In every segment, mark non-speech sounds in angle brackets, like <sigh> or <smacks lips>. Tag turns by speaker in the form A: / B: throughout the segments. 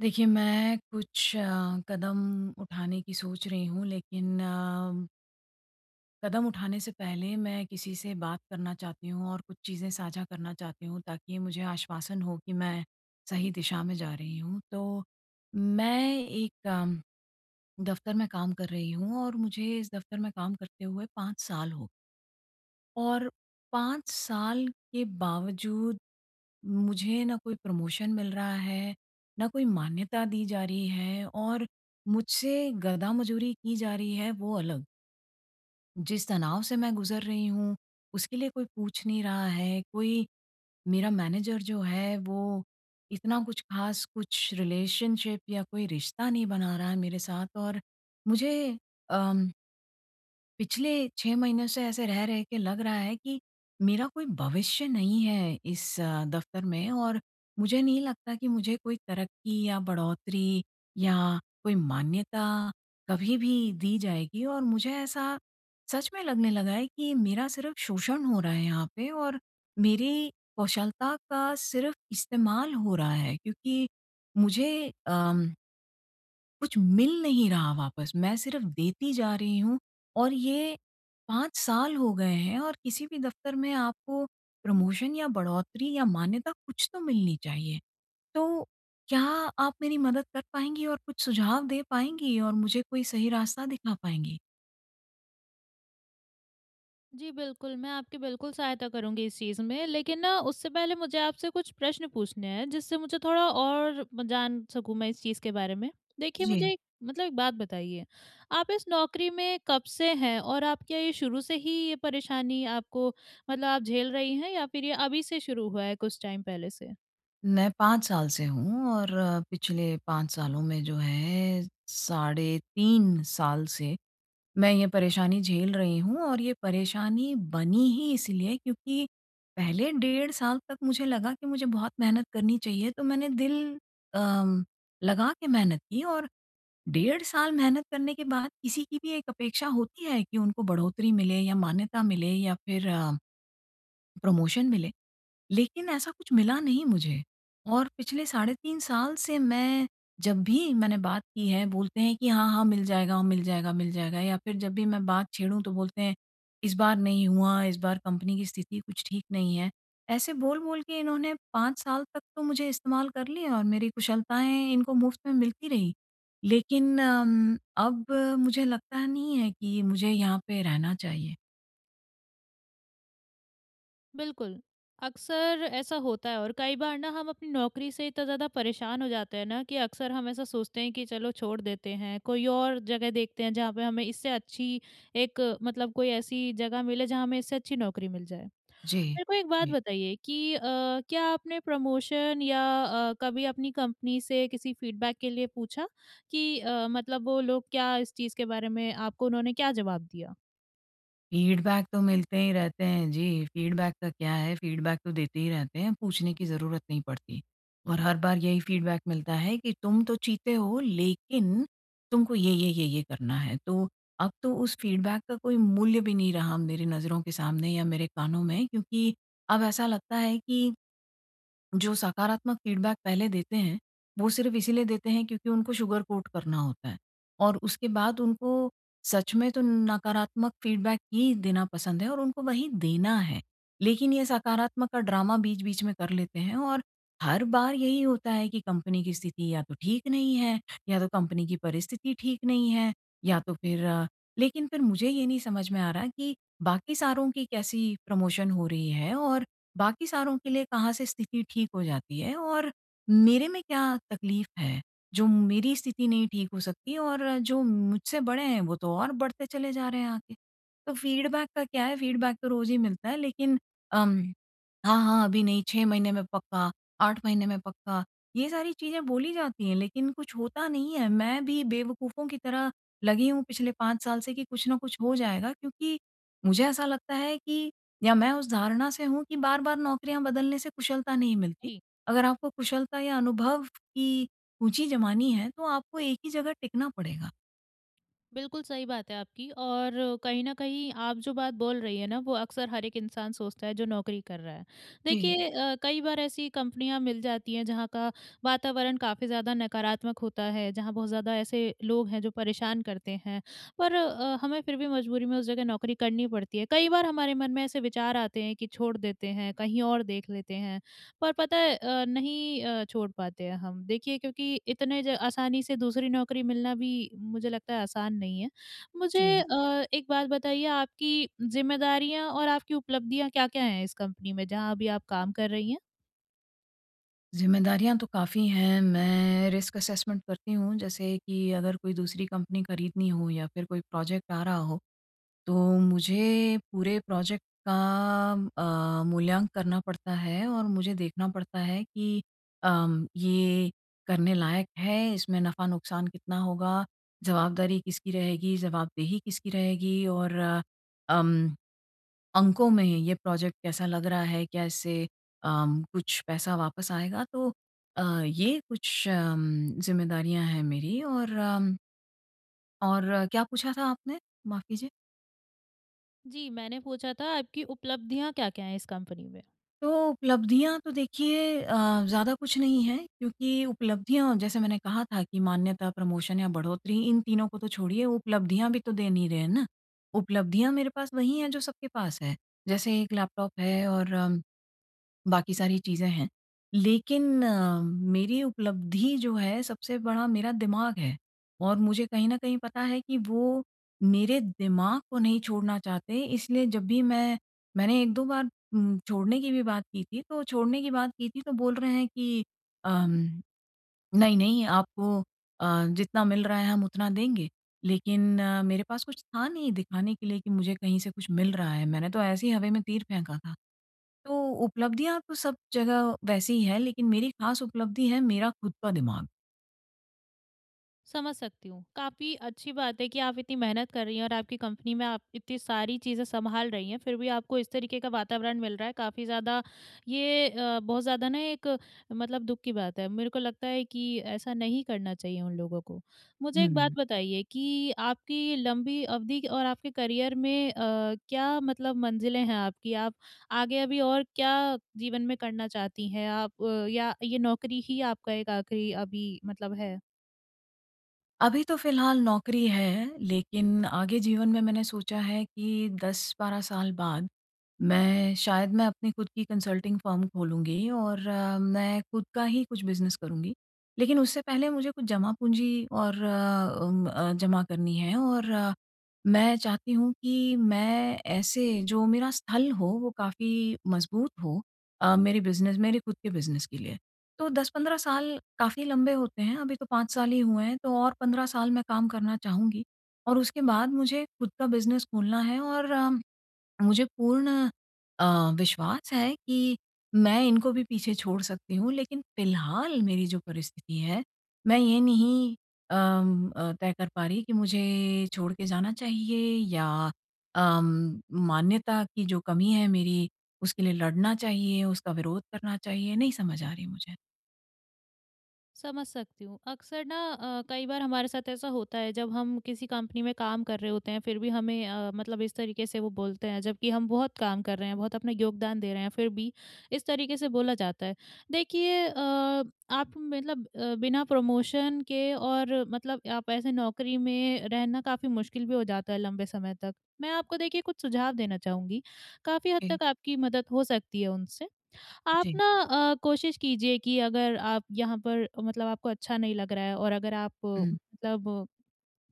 A: देखिए, मैं कुछ अ, कदम उठाने की सोच रही हूँ। लेकिन अ कदम उठाने से पहले मैं किसी से बात करना चाहती हूँ और कुछ चीज़ें साझा करना चाहती हूँ, ताकि मुझे आश्वासन हो कि मैं सही दिशा में जा रही हूँ। तो मैं एक दफ़्तर में काम कर रही हूँ और मुझे इस दफ़्तर में काम करते हुए 5 साल हो और 5 साल के बावजूद मुझे ना कोई प्रमोशन मिल रहा है, ना कोई मान्यता दी जा रही है। और मुझसे गधा-मजूरी की जा रही है वो अलग। जिस तनाव से मैं गुज़र रही हूँ उसके लिए कोई पूछ नहीं रहा है। कोई मेरा मैनेजर जो है वो इतना कुछ ख़ास कुछ रिलेशनशिप या कोई रिश्ता नहीं बना रहा है मेरे साथ। और मुझे अम पिछले 6 महीने से ऐसे रह-रह के लग रहा है कि मेरा कोई भविष्य नहीं है इस दफ़्तर में। और मुझे नहीं लगता कि मुझे कोई तरक्की या बढ़ोतरी या कोई मान्यता कभी भी दी जाएगी। और मुझे ऐसा सच में लगने लगा है कि मेरा सिर्फ़ शोषण हो रहा है यहाँ पे और मेरी कौशलता का सिर्फ़ इस्तेमाल हो रहा है। क्योंकि मुझे अम कुछ मिल नहीं रहा वापस मैं सिर्फ़ देती जा रही हूँ और ये 5 साल हो गए हैं। और किसी भी दफ़्तर में आपको प्रमोशन या बढ़ोतरी या मान्यता कुछ तो मिलनी चाहिए। तो क्या आप मेरी मदद कर पाएँगी और कुछ सुझाव दे पाएँगी और मुझे कोई सही रास्ता दिखा पाएँगी?
B: जी बिल्कुल, मैं आपकी बिल्कुल सहायता करूँगी इस चीज़ में। लेकिन ना, उससे पहले मुझे आपसे कुछ प्रश्न पूछने हैं जिससे मुझे थोड़ा और जान सकूँ मैं इस चीज़ के बारे में। देखिए, मुझे
A: जी।
B: एक मतलब एक बात बताइए आप इस नौकरी में कब से हैं? और आप, क्या ये शुरू से ही ये परेशानी आपको मतलब आप झेल रही हैं या फ़िर ये अभी से शुरू हुआ है कुछ टाइम पहले से?
A: मैं 5 साल से हूँ और पिछले 5 सालों में जो है साढ़े 3 साल से, मैं ये परेशानी झेल रही हूँ। और ये परेशानी बनी ही इसलिए क्योंकि पहले डेढ़ साल तक मुझे लगा कि मुझे बहुत मेहनत करनी चाहिए। तो मैंने दिल अम, लगा के मेहनत की और डेढ़ साल मेहनत करने के बाद किसी की भी एक अपेक्षा होती है कि उनको बढ़ोतरी मिले या मान्यता मिले या फ़िर अ प्रमोशन मिले। लेकिन ऐसा कुछ मिला नहीं मुझे, और पिछले साढ़े 3 साल से मैं जब भी मैंने बात की है, बोलते हैं कि, "हाँ, हाँ मिल जाएगा, मिल जाएगा, मिल जाएगा।" या फ़िर जब भी मैं बात छेड़ूँ तो बोलते हैं इस बार नहीं हुआ, इस बार कंपनी की स्थिति कुछ ठीक नहीं है। ऐसे बोल-बोल के, इन्होंने 5 साल तक तो मुझे इस्तेमाल कर लिया और मेरी कुशलताएँ इनको मुफ़्त में मिलती रहीं। लेकिन उम्म, अब मुझे लगता नहीं है कि मुझे यहाँ पे रहना चाहिए।
B: बिल्कुल, अक्सर ऐसा होता है और कई बार ना हम अपनी नौकरी से इतना ज़्यादा परेशान हो जाते हैं ना कि अक्सर हम ऐसा सोचते हैं कि चलो छोड़ देते हैं, कोई और जगह देखते हैं जहाँ पे हमें इससे अच्छी एक मतलब कोई ऐसी जगह मिले जहाँ हमें इससे अच्छी नौकरी मिल जाए।
A: जी,
B: मेरे को एक बात
A: जी।
B: बताइए कि अ, क्या आपने प्रमोशन या अ, कभी अपनी कंपनी से किसी फीडबैक के लिए पूछा? कि अ, मतलब वो लोग क्या इस चीज़ के बारे में आपको उन्होंने क्या जवाब दिया।
A: फीडबैक तो मिलते ही रहते हैं जी, फीडबैक का क्या है? फीडबैक तो देते ही रहते हैं, पूछने की ज़रूरत नहीं पड़ती। और हर बार यही फीडबैक मिलता है कि तुम तो चीते हो लेकिन तुमको ये-ये, ये-ये करना है। तो अब तो उस फीडबैक का कोई मूल्य भी नहीं रहा मेरे नज़रों के सामने या मेरे कानों में क्योंकि अब ऐसा लगता है कि जो सकारात्मक फीडबैक पहले देते हैं, वो सिर्फ़ इसीलिए देते हैं क्योंकि उनको सुगर कोट करना होता है, और उसके बाद उनको सच में तो नकारात्मक फीडबैक ही देना पसंद है और उनको वही देना है। लेकिन ये सकारात्मक का ड्रामा बीच-बीच में कर लेते हैं और हर बार यही होता है कि कंपनी की स्थिति या तो ठीक नहीं है या तो कंपनी की परिस्थिति ठीक नहीं है, या तो फिर लेकिन फिर मुझे ये नहीं समझ में आ रहा कि बाकी सारों की कैसी प्रमोशन हो रही है और बाकी सारों के लिए कहाँ से स्थिति ठीक हो जाती है और मेरे में क्या तकलीफ है, जो मेरी स्थिति नहीं ठीक हो सकती? और जो मुझसे बड़े हैं वो तो और बढ़ते चले जा रहे हैं आगे। तो फीडबैक का क्या है? फीडबैक तो रोज़ ही मिलता है लेकिन अम हाँ, हाँ, अभी नहीं 6 महीने में पक्का, 8 महीने में पक्का ये सारी चीजें बोली जाती है लेकिन कुछ होता नहीं है। मैं भी बेवकूफों की तरह लगी हूँ पिछले 5 साल से कि कुछ न कुछ हो जाएगा क्योंकि मुझे ऐसा लगता है कि या मैं उस धारणा से हूँ कि बार-बार नौकरियाँ बदलने से कुशलता नहीं मिलती।
B: ई
A: अगर आपको कुशलता या अनुभव की ऊँची जमानी है तो आपको एक ही जगह टिकना पड़ेगा।
B: बिल्कुल सही बात है आपकी और कहीं न कहीं आप जो बात बोल रही है ना वो अक्सर हर एक इंसान सोचता है जो नौकरी कर रहा है।
A: जी।
B: देखिए अ, कई बार ऐसी कंपनियाँ मिल जाती हैं जहाँ का वातावरण काफ़ी ज़्यादा नकारात्मक होता है, जहाँ बहुत ज़्यादा ऐसे लोग हैं जो परेशान करते हैं। पर अ, हमें फिर भी मजबूरी में उस जगह नौकरी करनी पड़ती है, कई बार हमारे मन में ऐसे विचार आते हैं कि छोड़ देते हैं कहीं और देख लेते है। पर पता है अ, नहीं अ, छोड़ पाते हैं हम, देखिए क्योंकि इतने ज आसानी से दूसरी नौकरी मिलना भी मुझे लगता है आसान नहीं है। मुझे
A: जी।
B: अ, एक बात बताइए आपकी जिम्मेदारियाँ और आपकी उपलब्धियाँ क्या-क्या है इस कंपनी में जहाँ अभी आप काम कर रही हैं?
A: ज़िम्मेदारियाँ तो काफ़ी हैं, मैं रिस्क असेसमेंट करती हूँ जैसे कि अगर कोई दूसरी कंपनी खरीदनी हो या फिर कोई प्रोजेक्ट आ रहा हो, तो मुझे पूरे प्रोजेक्ट का अ, मूल्यांक करना पड़ता है, और मुझे देखना पड़ता है कि अम, ये करने लायक है इसमें नफ़ा-नुकसान कितना होगा? जवाबदारी किसकी रहेगी, जवाबदेही किसकी रहेगी और अम, अंकों में ये प्रोजेक्ट कैसा लग रहा है? क्या इससे अम, कुछ पैसा वापस आएगा? तो अ, ये कुछ अम, जिम्मेदारियाँ है मेरी और अम और क्या पूछा था आपने? माफ़ कीजिए।
B: जी मैंने पूछा था आपकी उपलब्धियाँ क्या-क्या हैं इस कंपनी में?
A: तो उपलब्धियाँ तो देखिए अ, ज़्यादा कुछ नहीं है, क्योंकि उपलब्धियाँ जैसे मैंने कहा था कि मान्यता, प्रमोशन या बढ़ोतरी इन तीनों को तो छोड़िए उपलब्धियाँ भी तो दे नहीं रहे हैं ना, उपलब्धियाँ मेरे पास वहीं हैं जो सबके पास हैं। जैसे एक लैपटॉप है और बाकी सारी चीजें हैं लेकिन अ, मेरी उपलब्धि जो है, सबसे बड़ा मेरा दिमाग है और मुझे कहीं न कहीं पता है कि वो मेरे दिमाग को नहीं छोड़ना चाहते हैं इसलिए जब भी मैं मैंने 1-2 बार म छोड़ने की भी बात की थी तो छोड़ने की बात की थी तो बोल रहे हैं कि अम, "नहीं-नहीं आपको अ, जितना मिल रहा है हम उतना देंगे।" लेकिन अ, मेरे पास कुछ था नहीं दिखाने के लिए कि मुझे कहीं से कुछ मिल रहा है, मैंने तो ऐसी ही हवा में तीर फेंका था। तो उपलब्धियाँ तो सब जगह वैसे ही हैं, लेकिन मेरी खास उपलब्धि है मेरा खुद का दिमाग।
B: समझ सकती हूँ, काफ़ी अच्छी बात है कि आप इतनी मेहनत कर रही हैं और आपकी कंपनी में आप इतनी सारी चीज़ें सँभाल रही हैं फिर भी आपको इस तरीके का वातावरण मिल रहा है, काफ़ी ज़्यादा ये अ, बहुत ज़्यादा ना एक मतलब दुःख की बात है, मेरे को लगता है कि ऐसा नहीं करना चाहिए उन लोगों को। मुझे एक बात
A: हुँ।
B: बताइए कि आपकी लंबी अवधि क और आपके करियर में अ, क्या मतलब मंजिलें हैं आपकी? आप आगे अभी और क्या जीवन में करना चाहती हैं? आप या ये नौकरी ही आपका एक आखिरी अभी मतलब है?
A: अभी तो फिलहाल नौकरी है, लेकिन आगे जीवन में मैंने सोचा है कि 10-12 साल बाद मैं शायद मैं अपनी खुद की कंसल्टिंग फर्म खोलूँगी और मैं खुद का ही कुछ बिजनेस करुँगी। लेकिन उससे पहले मुझे कुछ जमा-पूँजी और उम, अ, जमा करनी है और मैं चाहती हूँ कि मैं ऐसे जो मेरा स्थल हो वो काफ़ी मजबूत हो, अ, मेरे बिजनेस मेरे खुद के बिजनेस के लिए। तो 10-15 साल काफ़ी लंबे होते हैं, अभी तो 5 साल ही हुए हैं तो और 15 साल मैं काम करना चाहूँगी और उसके बाद मुझे खुद का बिजनेस खोलना है और अ, मुझे पूर्ण अ, विश्वास है कि मैं इनको भी पीछे छोड़ सकती हूँ, लेकिन फिलहाल मेरी जो परिस्थिति है मैं ये नहीं अम, अ, तय कर पा रही कि मुझे छोड़ के जाना चाहिए या अम, मान्यता की जो कमी है मेरी, उसके लिए लड़ना चाहिए, उसका विरोध करना चाहिए नहीं समझ आ रही मुझे।
B: समझ सकती हूँ, अक्सर ना अ, कई बार हमारे साथ ऐसा होता है जब हम किसी कंपनी में काम कर रहे होते हैं फिर भी हमें अ, मतलब इस तरीके से वो बोलते हैं, जबकि हम बहुत काम कर रहे हैं, बहुत अपना योगदान दे रहे हैं फिर भी, इस तरीके से बोला जाता है। देखिए अ, आप मतलब अ, बिना प्रमोशन के और मतलब आप ऐसे नौकरी में रहना काफ़ी मुश्किल भी हो जाता है लंबे समय तक। मैं आपको देखिए कुछ सुझाव देना चाहूँगी, काफ़ी हद
A: जी।
B: तक आपकी मदद हो सकती है उनसे। आप
A: जी।
B: ना अ, कोशिश कीजिए कि अगर आप यहाँ पर मतलब आपको अच्छा नहीं लग रहा है और अगर आप
A: हुँ।
B: मतलब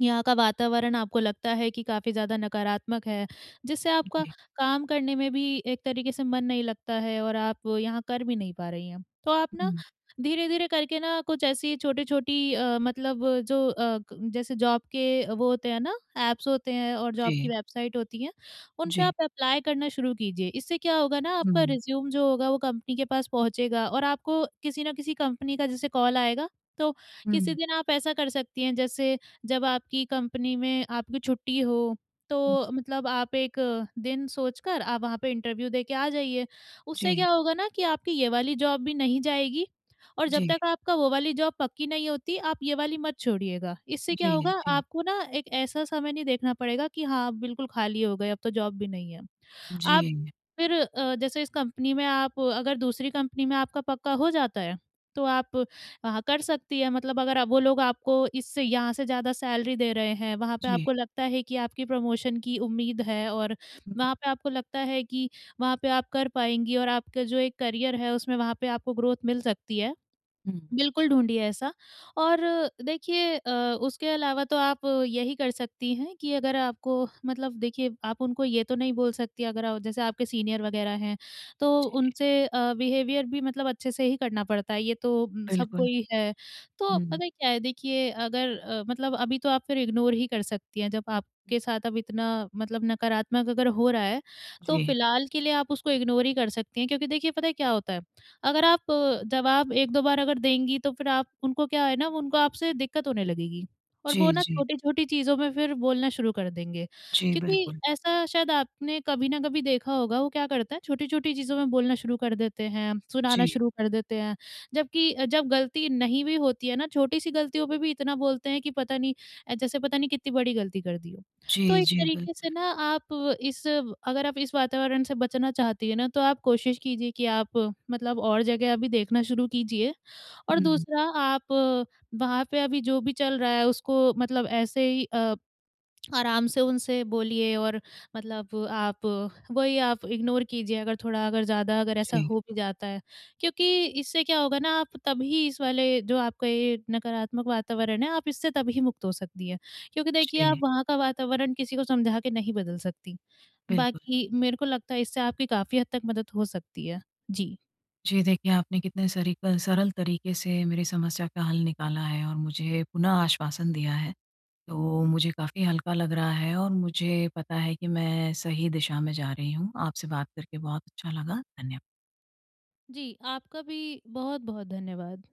B: यहाँ का वातावरण आपको लगता है कि काफ़ी ज़्यादा नकारात्मक है, जिससे आपका
A: जी।
B: काम करने में भी एक तरीके से मन नहीं लगता है और आप यहाँ कर भी नहीं पा रही हैं, तो आप ना
A: हुँ।
B: धीरे-धीरे करके ना कुछ ऐसी छोटे-छोटी अ, मतलब जो अ, क जैसे जॉब के वो होते हैं ना, ऐप्स होते हैं और जॉब की
A: जी।
B: वेबसाइट होती हैं उन पे
A: जी।
B: आप एप्लाई करना शुरू कीजिए। इससे क्या होगा ना आपका
A: हुँ।
B: रिज्यूम जो होगा, वो कंपनी के पास पहुँचेगा और आपको किसी ना किसी कंपनी का जैसे कॉल आएगा, तो किसी
A: हुँ।
B: दिन आप ऐसा कर सकती हैं जैसे जब आपकी कंपनी में आपकी छुट्टी हो,
A: हुँ।
B: तो मतलब आप एक दिन सोचकर आप वहाँ पे इंटरव्यू दे के आ जाइए। उससे
A: जी।
B: क्या होगा ना कि आपकी ये वाली जॉब भी नहीं जाएगी और जब
A: जी।
B: तक आपका वो वाली जॉब पक्की नहीं होती, आप ये वाली मत छोड़िएगा, इससे क्या
A: जी,
B: होगा
A: जी।
B: आपको ना एक ऐसा समय नहीं देखना पड़ेगा कि हाँ बिल्कुल खाली हो गए अब तो जॉब भी नहीं है। आप
A: जी।
B: फिर अ, जैसे इस कंपनी में आप अगर दूसरी कंपनी में आपका पक्का हो जाता है, तो आप, वहाँ कर सकती है मतलब अगर वो लोग आपको इससे यहाँ से ज़्यादा सैलरी दे रहे हैं, वहाँ पे
A: जी।
B: आपको लगता है कि आपकी प्रमोशन की उम्मीद है और वहाँ पे आपको लगता है कि वहाँ पे आप कर पाएँगी और आपका जो एक करियर है उसमें वहाँ पे आपको ग्रोथ मिल सकती है।
A: हुँ।
B: बिल्कुल ढूँढ़िए ऐसा और देखिए अ, उसके अलावा तो आप यही कर सकती हैं कि अगर आपको मतलब देखिए आप उनको ये तो नहीं बोल सकती अगर आ जैसे आपके सीनियर वगैरह हैं, तो
A: जी।
B: उनसे अ, बिहेवियर भी मतलब अच्छे से ही करना पड़ता है, ये तो सबको
A: बिल्कुल।
B: ही है। तो
A: हुँ।
B: पता है क्या है, देखिए अगर अ, मतलब अभी तो आप फिर इग्नोर ही कर सकती हैं जब आपके साथ अब इतना मतलब नकारात्मक अगर हो रहा है। तो
A: जी।
B: फिलहाल के लिए आप उसको इग्नोर ही कर सकती हैं क्योंकि देखिए पता है क्या होता है, अगर आप जवाब 1-2 बार अगर देंगी, तो फिर आप उनको क्या है ना उनको आपसे दिक्कत होने लगेगी और वो
A: जी,
B: ना
A: जी।
B: छोटे-छोटी चीज़ों में फिर बोलना शुरू कर देंगे
A: जी,
B: क्योंकि
A: बिल्कुल।
B: ऐसा शायद आपने कभी ना कभी देखा होगा वो क्या करता है छोटी-छोटी चीज़ों में बोलना शुरू कर देते हैं, सुनाना
A: जी।
B: शुरू कर देते हैं जबकि जब गलती नहीं भी होती है ना छोटी सी गलतियों पे भी इतना बोलते हैं कि पता नहीं अ, जैसे पता नहीं कितनी बड़ी गलती कर दी हो। तो
A: जी,
B: एक
A: जी।
B: तरीके से
A: बिल्कुल।
B: ना आप इस अगर आप इस वातावरण से बचना चाहती हैं ना, तो आप कोशिश कीजिए कि आप मतलब और जगह अभी देखना शुरू कीजिए और
A: हुँ।
B: दूसरा आप वहाँ पे अभी जो भी चल रहा है उसको मतलब ऐसे ही अ, <smacks lips> आराम से उनसे बोलिए और मतलब आप वही आप इग्नोर कीजिए अगर थोड़ा अगर ज़्यादा अगर ऐसा
A: जी।
B: हो भी जाता है क्योंकि इससे क्या होगा ना आप तभी इस वाले जो आपका ये नकारात्मक वातावरण है, आप इससे तभी मुक्त हो सकती है क्योंकि देखिए आप
A: जी।
B: वहाँ का वातावरण किसी को समझा के नहीं बदल सकती।
A: बिल्कुल।
B: बाकी मेरे को लगता है इससे आपकी काफ़ी हद तक मदद हो सकती है। जी।
A: जी, देखिए आपने कितने सरीकल सरल तरीके से मेरी समस्या का हल निकाला है और मुझे पुनः आश्वासन दिया है, तो मुझे काफ़ी हल्का लग रहा है और मुझे पता है कि मैं सही दिशा में जा रही हूँ। आपसे बात करके बहुत अच्छा लगा। धन्य
B: जी, आपका भी बहुत-बहुत धन्यवाद।